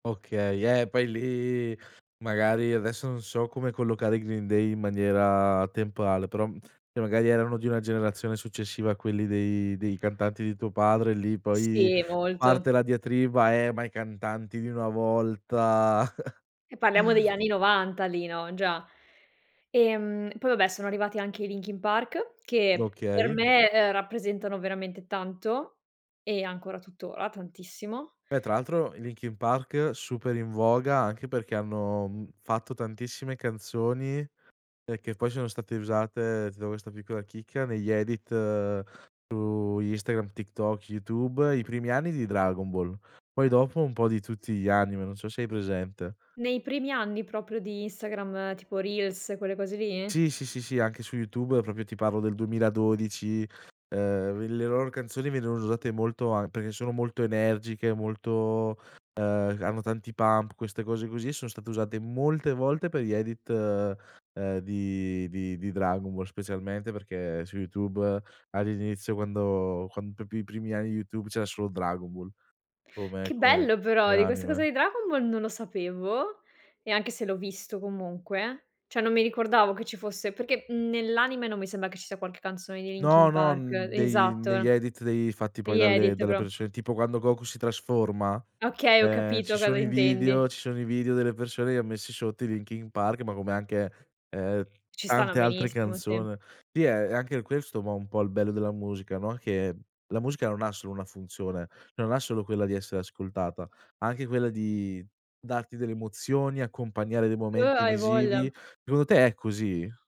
Okay, eh, poi lì magari adesso non so come collocare i Green Day in maniera temporale, però, mhmm, ehm, magari erano di una generazione successiva a quelli dei dei cantanti di tuo padre lì, poi Sì, parte molto. la diatriba: "Eh, ma i cantanti di una volta." E parliamo degli anni 90 lì, no, già. Ehm, poi vabbè sono arrivati anche i Linkin Park che, per Okay. me, ehm, rappresentano veramente tanto e ancora tuttora tantissimo. Beh tra l'altro i Linkin Park super in voga anche perché hanno, mhmm, fatto tantissime canzoni, ehm, che poi sono state usate, ti do questa piccola chicca, negli edit su Instagram, TikTok, YouTube, i primi anni di Dragon Ball, poi dopo un po' di tutti gli anime, non so se hai presente. Nei primi anni proprio di Instagram, tipo Reels, quelle cose lì? Sì, sì, sì, sì, anche su YouTube proprio ti parlo del 2012. Ehm, il le loro canzoni venivano usate molto an perché sono molto energiche, molto, ehm, c hanno tanti pump, queste cose così, e sono state usate molte volte per gli edit, ehm, di di di Dragon Ball, specialmente perché su YouTube, all'inizio quando quando, proprio i primi anni di Youtube, c'era solo Dragon Ball come Che come bello, però come di questa cosa anime. di Dragon Ball non lo sapevo, ehm, anche se l'ho visto comunque, cioè non mi ricordavo che ci fosse, perché, mhmm, nell'anime non mi sembra che ci sia qualche canzone dei Linkin No, no, Park n dei negli Esatto. edit dei fatti poi Negli dalle edit dalle però. persone, tipo quando Goku si trasforma, Okay, ho ehm, capito ci cosa sono i intendi. video ci sono i video delle persone che han messi sotto i Linkin Park, ma come anche, ehm, Ci stanno tante altre benissimo, sì. canzone. Sì è è anche questo ma un po' il bello della musica, no, che la musica non ha solo una funzione, non ha solo quella di essere ascoltata, anche quella di darti delle emozioni, accompagnare dei Uh, momenti hai visivi. voglia. Secondo te è così?